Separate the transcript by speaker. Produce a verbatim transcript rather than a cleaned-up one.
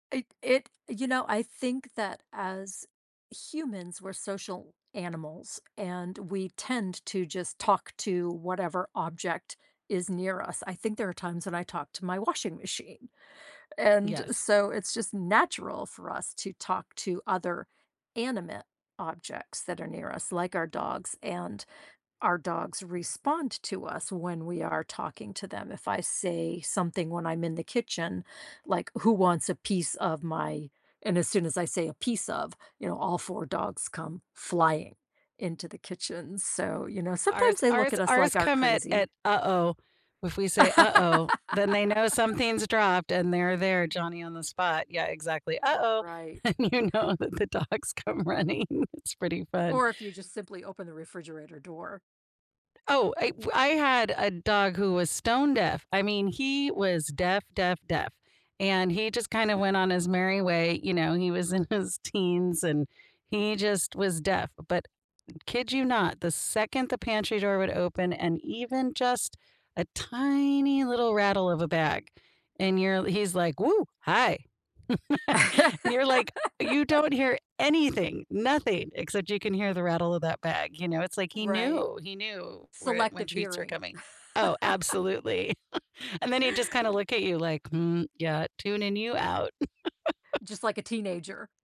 Speaker 1: It it you know, I think that as humans, we're social animals, and, we tend to just talk to whatever object is near us. I think there are times when I talk to my washing machine, and
Speaker 2: Yes.
Speaker 1: so, it's just natural for us to talk to other animate objects that are near us like our dogs, and our dogs respond to us when we are talking to them. If I say something when I'm in the kitchen, like, "Who wants a piece of my" and as soon as I say "A piece of," you know, all four dogs come flying into the kitchen, so, you know,
Speaker 2: Ours
Speaker 1: sometimes they look
Speaker 2: ours
Speaker 1: at us
Speaker 2: ours
Speaker 1: like our
Speaker 2: come at
Speaker 1: crazy.
Speaker 2: at, "Uh-oh." If we say, "uh-oh," then they know something's dropped, and they're there, Johnny on the spot. Yeah, exactly.
Speaker 1: R
Speaker 2: "Uh-oh."
Speaker 1: right.
Speaker 2: And you know that the dogs come running. It's pretty fun.
Speaker 1: Or, if you just simply open the refrigerator door.
Speaker 2: Oh, it w I had a dog who was stone deaf. I mean, he was deaf, deaf, deaf; and, he just kinda went on his merry way, you know, he was in his teens, and he just was deaf, but, kid you not, the second the pantry door would open and even just a tiny little rattle of a bag and you're he's like, "Woo, hi." And you're, like, "You don't hear anything, nothing. Except you can hear the rattle of that bag." You know, it's like he
Speaker 1: Right.
Speaker 2: knew, he knew where when
Speaker 1: Selective
Speaker 2: treats were
Speaker 1: hearing.
Speaker 2: coming Oh, absolutely, and then he'd just, kinda,
Speaker 1: R
Speaker 2: look at you, like, "Hmm, yeah, tuning you out."
Speaker 1: Just like a teenager.